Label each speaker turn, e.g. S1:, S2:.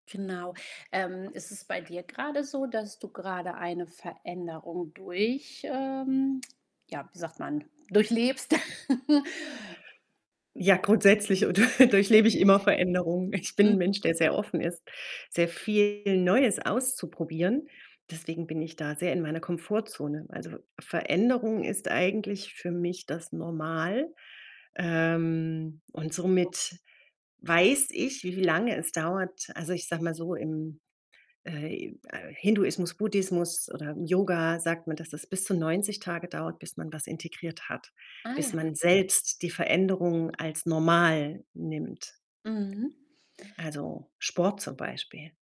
S1: Genau. Ähm, ist es bei dir grade so, dass du grade eine Veränderung durch ähm, ja, wie sagt man? Durchlebst? Hm
S2: Ja, grundsätzlich oder durchlebe ich immer Veränderungen. Ich bin 'n
S1: Mhm.
S2: Mensch, der sehr offen ist, sehr viel Neues auszuprobieren. Deswegen bin ich da sehr in meiner Komfortzone. Also, Ve Veränderung ist eigentlich für mich das Normal. Ähm, und
S1: [unintelligible]
S2: somit weiß ich, wie lange es dauert. Also, ich sage mal so, im äh, im, äh, Hinduismus, Buddhismus oder Yoga sagt man, dass das bis zu 90 Tage dauert, bis man was integriert hat,
S1: Ah,
S2: bis
S1: ja.
S2: man selbst die Veränderung als normal nimmt.
S1: Mhm.
S2: Also, Sport zum Beispiel.